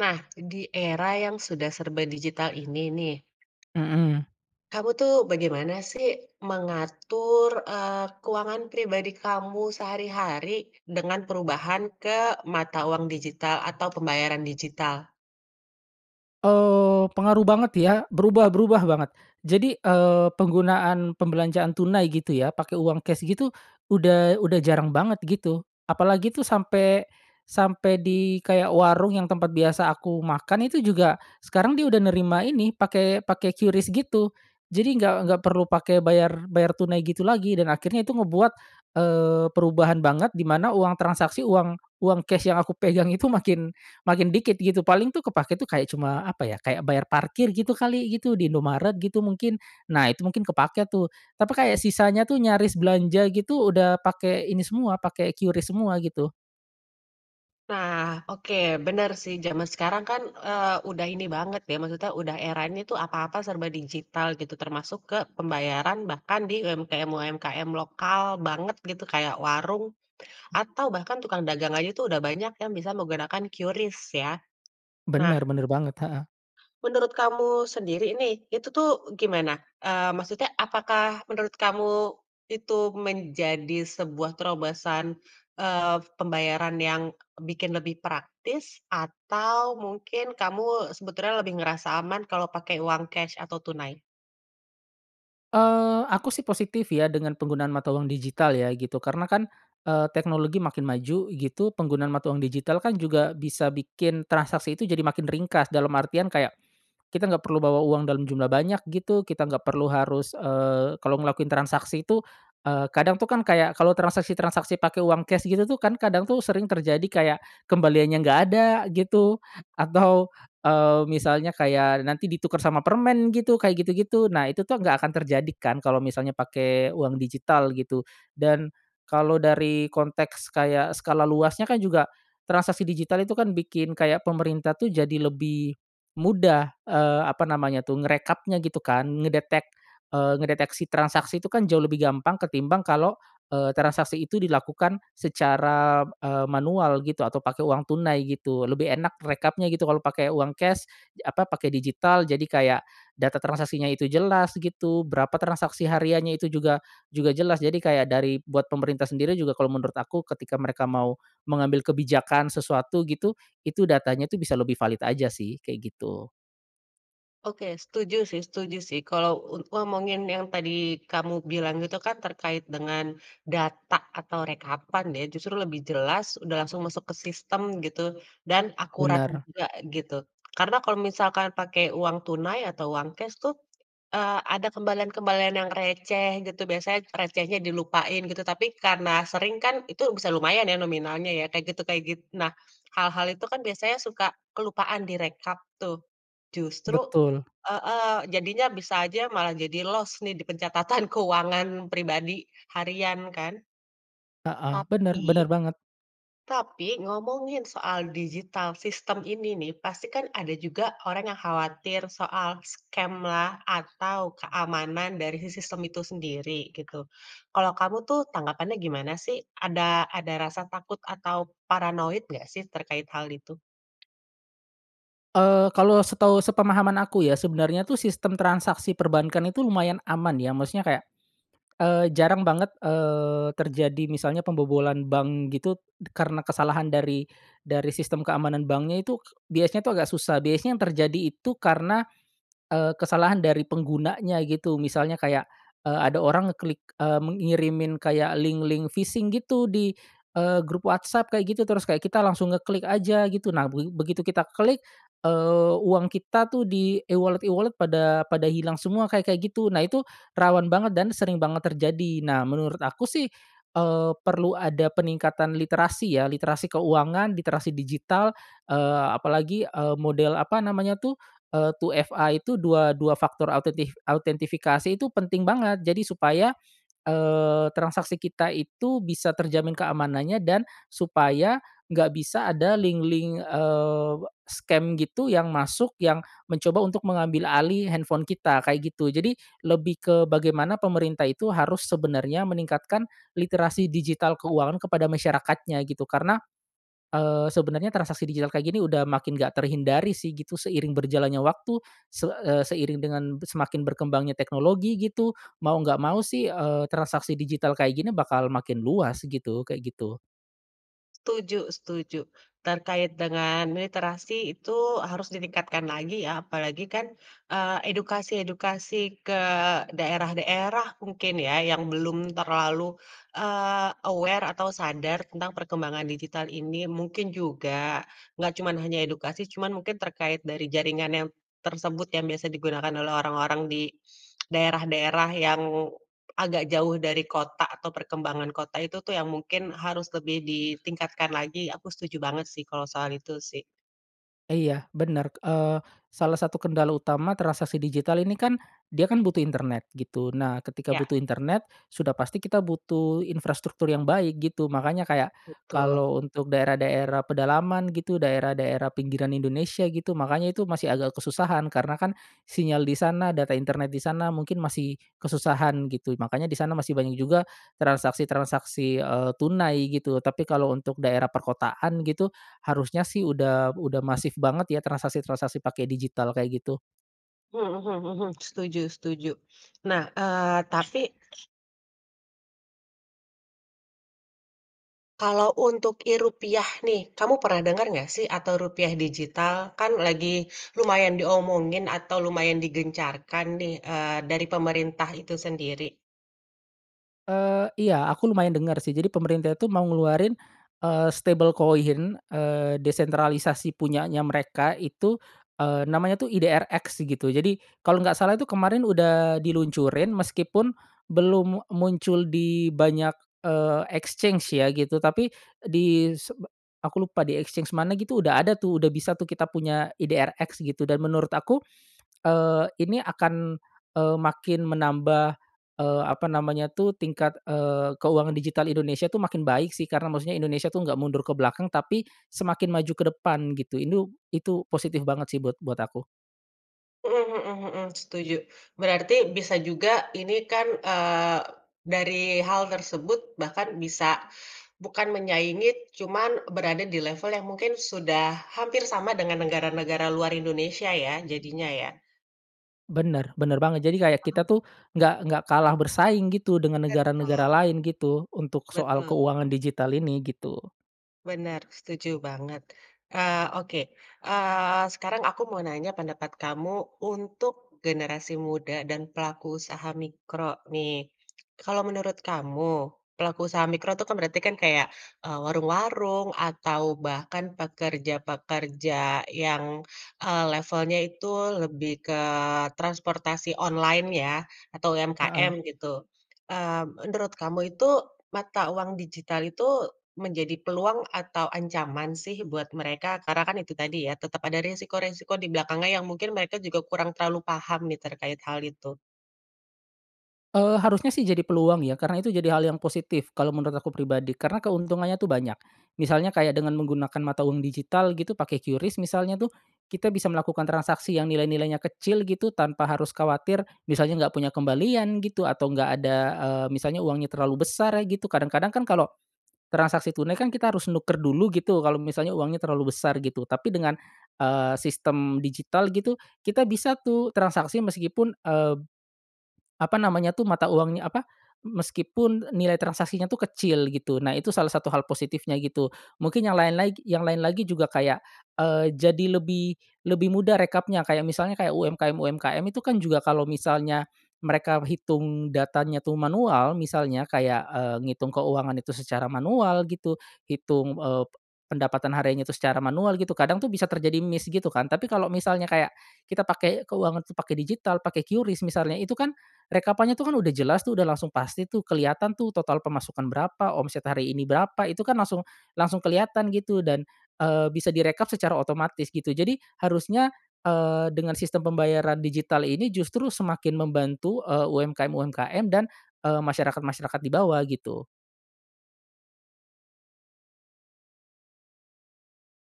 Nah di era yang sudah serba digital ini nih Mhm. kamu tuh bagaimana sih mengatur, eee, keuangan pribadi kamu sehari-hari dengan perubahan ke mata uang digital atau pembayaran digital? Oh, pengaruh banget ya berubah berubah banget jadi, eee, penggunaan pembelanjaan tunai gitu ya pakai uang cash gitu, udah udah jarang banget gitu, apalagi tuh sampai sampai di kayak warung yang tempat biasa aku makan itu juga sekarang dia udah nerima ini pakai pakai QRIS gitu. Jadi gak gak perlu pakai bayar bayar tunai gitu lagi dan akhirnya itu ngebuat, eee, perubahan banget di mana uang transaksi uang uang cash yang aku pegang itu makin makin dikit gitu paling tuh kepakai tuh kayak cuma apa ya, kayak bayar parkir gitu kali gitu, di Indomaret gitu mungkin. Nah itu mungkin kepake tuh, tapi kayak sisanya tuh nyaris belanja gitu udah pakai ini semua, pakai QRIS semua gitu. Nah oke bener sih zaman sekarang kan, eee, udah ini banget ya maksudnya udah eranya itu apa-apa serba digital gitu termasuk ke pembayaran bahkan di UMKM-UMKM lokal banget gitu kayak warung, atau bahkan tukang dagang aja tuh udah banyak yang bisa menggunakan QRIS ya, Benar nah benar banget, heeh. menurut kamu sendiri nih itu tuh gimana? Eee, maksudnya apakah menurut kamu itu menjadi sebuah terobosan, eee, pembayaran yang bikin lebih praktis atau mungkin kamu sebetulnya lebih ngerasa aman kalau pakai uang cash atau tunai? Eee, aku sih positif ya dengan penggunaan mata uang digital ya gitu karena kan, eee, teknologi makin maju gitu penggunaan mata uang digital kan juga bisa bikin transaksi itu jadi makin ringkas dalam artian kayak, kita nggak perlu bawa uang dalam jumlah banyak gitu kita nggak perlu harus, eee, kalau ngelakuin transaksi itu, eee, kadang tuh kan kayak kalau transaksi-transaksi pakai uang cash gitu tuh kan kadang tuh sering terjadi kayak kembaliannya nggak ada gitu atau, eee, misalnya kayak nanti ditukar sama permen gitu, kayak gitu-gitu, nah itu tuh nggak akan terjadi kan kalau misalnya pakai uang digital gitu, dan kalau dari konteks kayak skala luasnya kan juga, transaksi digital itu kan bikin kayak pemerintah tuh jadi lebih mudah, eee, apa namanya tuh ngerekapnya gitu kan ngedetek eee, ngedeteksi transaksi itu kan jauh lebih gampang ketimbang kalau, eee, transaksi itu dilakukan secara, eee, manual gitu atau pakai uang tunai gitu, lebih enak rekapnya gitu kalau pakai uang cash ye apa pakai digital jadi kayak data transaksinya itu jelas gitu, berapa transaksi hariannya itu juga juga jelas jadi kayak dari buat pemerintah sendiri juga kalau menurut aku ketika mereka mau mengambil kebijakan sesuatu gitu, itu datanya tuh bisa lebih valid aja sih kayak gitu. Oke, setuju sih setuju sih kalau un ngomongin yang tadi kamu bilang itu kan terkait dengan data atau rekapan ya justru lebih jelas udah langsung masuk ke sistem gitu dan akurat Benar. juga gitu. Karena kalau misalkan pakai uang tunai atau uang cash tuh, eee, ada kembalian-kembalian yang receh gitu biasanya recehnya dilupain gitu tapi karena sering kan itu bisa lumayan ya nominalnya ya kayak gitu kayak git nah hal-hal itu kan biasanya suka kelupaan direkap tuh, justru Betul. heeh, jadinya bisa aja malah jadi los nih di pencatatan keuangan pribadi harian kan. Heeh, benar Tapi benar banget. tapi ngomongin soal digital sistem ini nih pasti kan ada juga orang yang khawatir soal scam lah atau keamanan dari si sistem itu sendiri gitu, kalau kamu tuh tanggapannya gimana sih? Ada ada rasa takut atau paranoid nggak sih terkait hal itu? Eee, kalau setahu sepemahaman aku ya sebenarnya tuh sistem transaksi perbankan itu lumayan aman ya maksudnya kayak, eee, jarang banget, eee, terjadi misalnya pembobolan bank gitu karena kesalahan dari dari sistem keamanan banknya itu biasanya tuh agak susah biasanya yang terjadi itu karena, eee, kesalahan dari penggunanya gitu misalnya kayak, eee, ada orang ngeklik, eee, mengirimin kayak link-link phishing gitu di, eee, grup WhatsApp kayak gitu terus kayak kita langsung ngeklik aja gitu nah be begitu kita klik, eee, uang kita tuh di e-wallet-e-wallet pada pada hilang semua kayak-kayak gitu. Nah itu rawan banget dan sering banget terjadi nah menurut aku sih, eee, perlu ada peningkatan literasi ya literasi keuangan, literasi digital, eee, apalagi, eee, model apa namanya tuh, eee, 2FA itu dua dua faktor autentif autentifikasi itu penting banget jadi supaya, eee, transaksi kita itu bisa terjamin keamanannya dan supaya nggak bisa ada link-link, eee, scam gitu yang masuk yang mencoba untuk mengambil alih handphone kita kayak gitu. Jadi lebih ke bagaimana pemerintah itu harus sebenarnya meningkatkan literasi digital keuangan kepada masyarakatnya gitu karena, eee, sebenarnya transaksi digital kayak gini udah makin enggak terhindari sih gitu seiring berjalannya waktu se eee, seiring dengan be semakin berkembangnya teknologi gitu mau nggak mau sih, eee, transaksi digital kayak gini bakal makin luas gitu kayak gitu. Tuju setuju, terkait dengan literasi itu harus ditingkatkan lagi ya apalagi kan, eee, edukasi-edukasi ke daerah-daerah mungkin ya yang belum terlalu, eee, aware atau sadar tentang perkembangan digital ini mungkin juga, nggak cuman hanya edukasi cuman mungkin terkait dari jaringan yang tersebut yang biasa digunakan oleh orang-orang di, daerah-daerah yang, agak jauh dari kota atau perkembangan kota itu tuh yang mungkin harus lebih ditingkatkan lagi aku setuju banget sih kalau soal itu sih. E iya benar, eee, salah satu kendala utama transaksi digital ini kan dia kan butuh internet gitu nah ketika Iya. butuh internet sudah pasti kita butuh infrastruktur yang baik gitu makanya kayak Betul. kalau untuk daerah-daerah pedalaman gitu, daerah-daerah pinggiran Indonesia gitu makanya itu masih agak kesusahan karena kan sinyal di sana data internet di sana mungkin masih kesusahan gitu makanya di sana masih banyak juga transaksi-transaksi, eee, tunai gitu tapi kalau untuk daerah perkotaan gitu harusnya sih udah udah masif banget ya transaksi-transaksi pakai digital kayak gitu. Hmm mhm mhm, setuju setuju. Nah, eee, tapi kalau untuk e-rupiah nih, kamu pernah denger nggak sih atau rupiah digital kan lagi lumayan diomongin atau lumayan digencarkan nih, eee, dari pemerintah itu sendiri. Eee, iya aku lumayan denger sih jadi pemerintah itu mau ngeluarin, eee, stable coin, eee, desentralisasi punyanya mereka itu, eee, namanya tuh IDRX gitu, jadi kalau nggak salah tuh kemarin udah diluncurin meskipun belum muncul di banyak, eee, exchange ya gitu tapi di sebe aku lupa di exchange mana gitu udah ada tuh udah bisa tuh kita punya IDRX gitu dan menurut aku, eee, ini akan, eee, makin menambah, eee, apa namanya tuh tingkat, eee, keuangan digital Indonesia tuh makin baik sih karena maksudnya Indonesia tuh enggak mundur ke belakang tapi semakin maju ke depan gitu itu itu positif banget sih buat buat aku. Mmm, mhm mhm, setuju, berarti bisa juga ini kan, eee, dari hal tersebut bahkan bisa bukan menyaingi cuman berada di level yang mungkin sudah hampir sama dengan negara-negara luar Indonesia ya jadinya ya? Bener bener banget, jadi kayak Paham. kita tuh enggak enggak kalah bersaing gitu dengan negara-negara Betul. lain gitu untuk soal Betul. keuangan digital ini, gitu. Benar, setuju banget. Eee, oke, eee, sekarang aku mau nanya pendapat kamu untuk generasi muda dan pelaku usaha mikro nih. Kalau menurut kamu pelaku usaha mikro tuh kan berarti kan kayak, eee, warung-warung atau bahkan pekerja-pekerja yang, eee, levelnya itu lebih ke transportasi online ya atau Heeh. UMKM gitu, mmm, menurut kamu itu mata uang digital itu menjadi peluang atau ancaman sih buat mereka? Karena kan itu tadi ya tetap ada resiko-resiko di belakangnya yang mungkin mereka juga kurang terlalu paham nih terkait hal itu. Eee, harusnya sih jadi peluang ya karena itu jadi hal yang positif kalo menurut aku pribadi karena keuntungannya tuh banyak, misalnya kayak dengan menggunakan mata uang digital gitu pakai QRIS misalnya tuh, kita bisa melakukan transaksi yang nilai-nilainya kecil gitu tanpa harus khawatir misalnya enggak punya kembalian gitu atau enggak ada, eee, misalnya uangnya terlalu besar gitu, kadang-kadang kan kalau, transaksi tunai kan kita harus nukar dulu gitu kalau misalnya uangnya terlalu besar gitu tapi dengan, eee, sistem digital gitu kita bisa tuh transaksi meskipun, eee, apa namanya tuh, mata uangnya apa, m meskipun nilai transaksinya tuh kecil gitu. Nah itu salah satu hal positifnya gitu. Mungkin yang lain lagi yang lain lagi juga kayak, eee, jadi lebih lebih mudah rekapnya kayak misalnya kayak UMKM-UMKM itu kan juga kalau misalnya mereka hitung datanya tuh manual, misalnya kayak, eee, ngitung keuangan itu secara manual gitu, hitung, eee, pendapatan hariannya itu secara manual gitu kadang tuh bisa terjadi miss gitu kan, tapi kalau misalnya kayak, kita pakai keuangan tuh pakai digital, pakai QRIS misalnya itu kan rekapannya tuh kan udah jelas tuh udah langsung pasti tuh kelihatan tuh total pemasukan berapa, omset hari ini berapa, itu kan langsung langsung kelihatan gitu dan, eee, bisa direkap secara otomatis gitu jadi harusnya, eee, dengan sistem pembayaran digital ini justru semakin membantu, eee, UMKM-UMKM dan, eee, masyarakat-masyarakat di bawah gitu.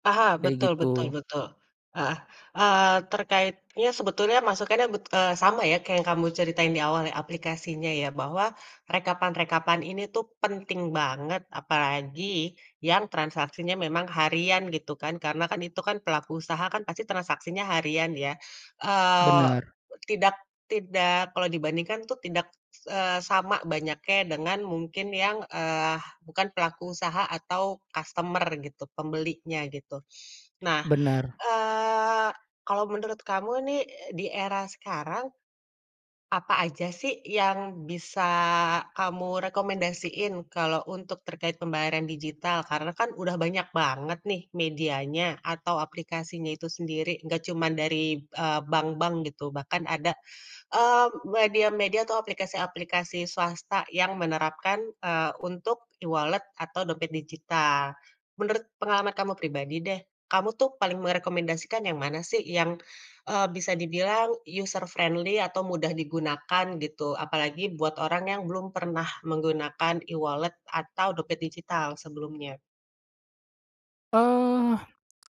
Paham, Kayak betul betul gitu. betul, heeh, eee, terkaitnya sebetulnya masukannya bet eee, sama ya kayak kamu ceritain di awal yang aplikasinya ya bahwa rekapan-rekapan ini tuh penting banget, apalagi yang transaksinya memang harian gitu kan, karena kan itu kan pelaku usaha kan pasti transaksinya harian ya? Eee, Bener. tidak, tidak kalau dibandingkan tuh tidak, eee, sama banyaknya dengan mungkin yang, eee, bukan pelaku usaha atau kastemer gitu, pembelinya gitu. Nah, Bener. eee, kalau menurut kamu nih, e di era sekarang, apa aja sih yang bisa kamu rekomendasiin kalau untuk terkait pembayaran digital? Karena kan udah banyak banget nih medianya atau aplikasinya itu sendiri, nggak cuman dari, eee, bank-bank gitu, bahkan ada, eee, media-media atau aplikasi-aplikasi swasta yang menerapkan, eee, untuk e-wallet atau dompet digital. Menurut pengalaman kamu pribadi deh, kamu tuh paling merekomendasikan yang mana sih yang, eee, bisa dibilang user friendly atau mudah digunakan gitu, apalagi buat orang yang belum pernah menggunakan e-wallet atau dompet digital sebelumnya. Eh,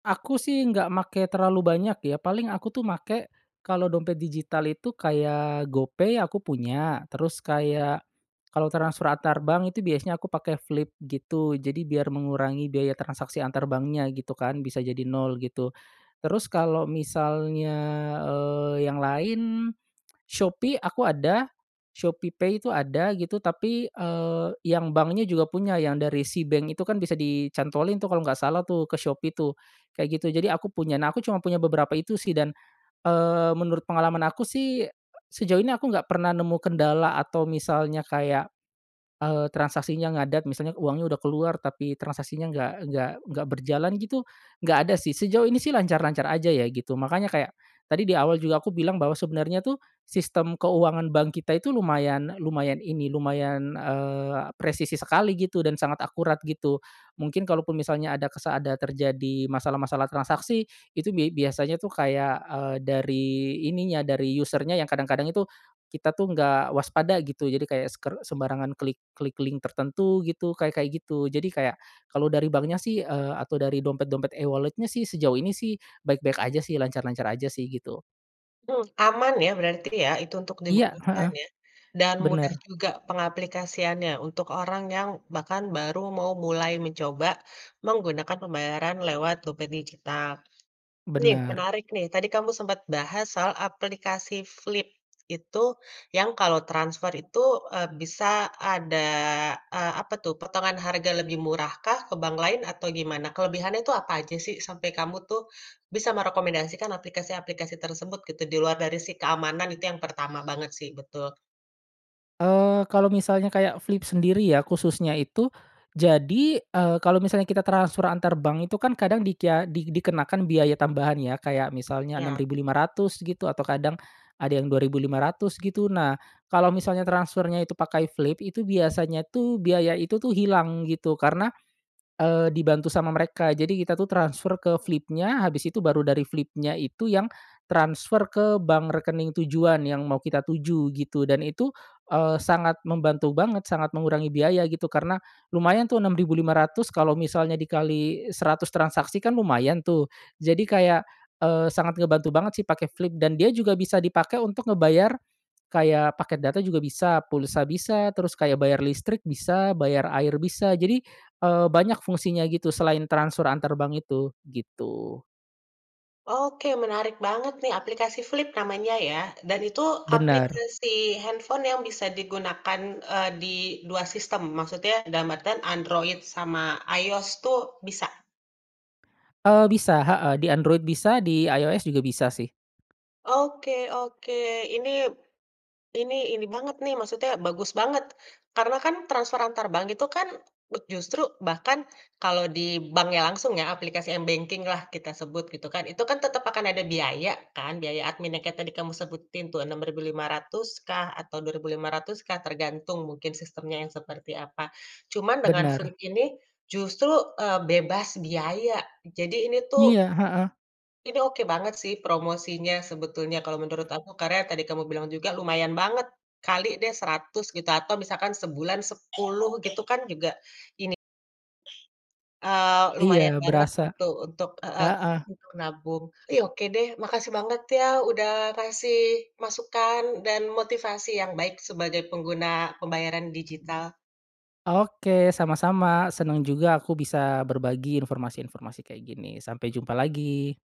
aku sih nggak make terlalu banyak ya, paling aku tuh make, kalau dompet digital itu kayak Gopay aku punya, terus kayak kalau transfer antar bank itu biasanya aku pakai Flip gitu. Jadi biar mengurangi biaya transaksi antar banknya gitu kan, bisa jadi nol gitu terus kalau misalnya, eee, yang lain, Shopee aku ada, Shopeepay itu ada gitu tapi, eee, yang banknya juga punya yang dari Seabank itu kan bisa dicantolin tuh kalau nggak salah tuh ke Shopee tuh kayak gitu jadi aku punya. Nah aku cuma punya beberapa itu sih dan, eee, menurut pengalaman aku sih, sejauh ini aku nggak pernah nemu kendala atau misalnya kayak, eee, transaksinya ngadat misalnya uangnya udah keluar tapi transaksinya nggak nggak nggak berjalan gitu nggak ada sih sejauh ini sih lancar-lancar aja ya gitu makanya kayak tadi di awal juga aku bilang bahwa sebenernya tuh, sistem keuangan bank kita itu lumayan lumayan ini, lumayan, eee, presisi sekali gitu dan sangat akurat gitu. Mungkin kalaupun misalnya ada kesa ada terjadi masalah-masalah transaksi itu bia biasanya tuh kayak, eee, dari ininya dari user-nya yang kadang-kadang itu kita tuh nggak waspada gitu jadi kayak seker sembarangan klik klik link tertentu gitu kayak-kayak gitu. Jadi kayak kalau dari banknya sih, eee, atau dari dompet-dompet e-wallet-nya sih sejauh ini sih baik-baik aja sih lancar-lancar aja sih gitu. Mhm, aman ya berarti ya? Itu untuk Iya, digunakan heeh. ya dan mudah Bener. juga pengaplikasiannya untuk orang yang bahkan baru mau mulai mencoba menggunakan pembayaran lewat dompet digital. Nih Bener. menarik nih, tadi kamu sempet bahas soal aplikasi Flip, itu yang kalau transfer itu, eee, bisa ada, eee, apa tuh, potongan harga lebih murahkah ke bank lain atau gimana? Kelebihannya itu apa aja sih sampai kamu tuh bisa merekomendasikan aplikasi-aplikasi tersebut gitu, di luar dari si keamanan itu yang pertama banget sih, betul. Eee, kalau misalnya kayak Flip sendiri ya, khususnya itu, jadi, eee, kalau misalnya kita transfer antar bank itu kan kadang dikya di dikenakan biaya tambahan ya kayak misalnya enam Ya. ribu lima ratus gitu atau kadang ada yang Rp2.500 gitu, nah kalau misalnya transfernya itu pakai Flip, itu biasanya tuh biaya itu tuh hilang gitu karena, eee, dibantu sama mereka jadi kita tuh transfer ke Flip-nya habis itu baru dari Flip-nya itu yang transfer ke bank rekening tujuan yang mau kita tuju gitu dan itu, eee, sangat membantu banget sangat mengurangi biaya gitu, karena lumayan tuh Rp6.500 kalau misalnya dikali 100 transaksi kan lumayan tuh jadi kayak, eee, sangat ngebantu banget sih pakai Flip dan dia juga bisa dipakai untuk ngebayar, kayak paket data juga bisa, pulsa bisa, terus kayak bayar listrik bisa, bayar air bisa. Jadi, eee, banyak fungsinya gitu selain transfer antar bank itu gitu. Oke, menarik banget nih, aplikasi Flip namanya ya, dan itu Bener. aplikasi handphone yang bisa digunakan, eee, di dua sistem, maksudnya dalam artian Android sama iOS tuh bisa? Eee, bisa heeh, di Android bisa di iOS juga bisa sih. Oke oke ini. Ini, ini banget nih maksudnya bagus banget, karena kan transfer antar bank itu kan [unintelligible] justru bahkan kalau di banknya langsung ya aplikasi m-banking-lah kita sebut, gitu kan, itu kan tetep akan ada biaya kan, biaya adminnya kayak tadi kamu sebutin tuh Rp6.500 kah atau Rp2.500 kah, tergantung mungkin sistemnya yang seperti apa. Cuma dengan Bener. Flip ini justru, eee, bebas biaya, jadi ini tuh Iya, heeh. ini oke banget sih promosinya, sebetulnya kalau menurut aku, karena yang tadi kamu bilang juga lumayan banget, kali deh seratus gitu atau misalkan sebulan sepuluh gitu kan juga ini, eee, lumayan Iya, banget berasa, gitu untuk heeh, heeh. untuk nabung. Tapi, oke deh, makasih banget ya, udah kasih masukan dan motivasi yang baik sebagai pengguna pembayaran digital. Oke, sama-sama, seneng juga aku bisa berbagi informasi-informasi kayak gini, sampai jumpa lagi.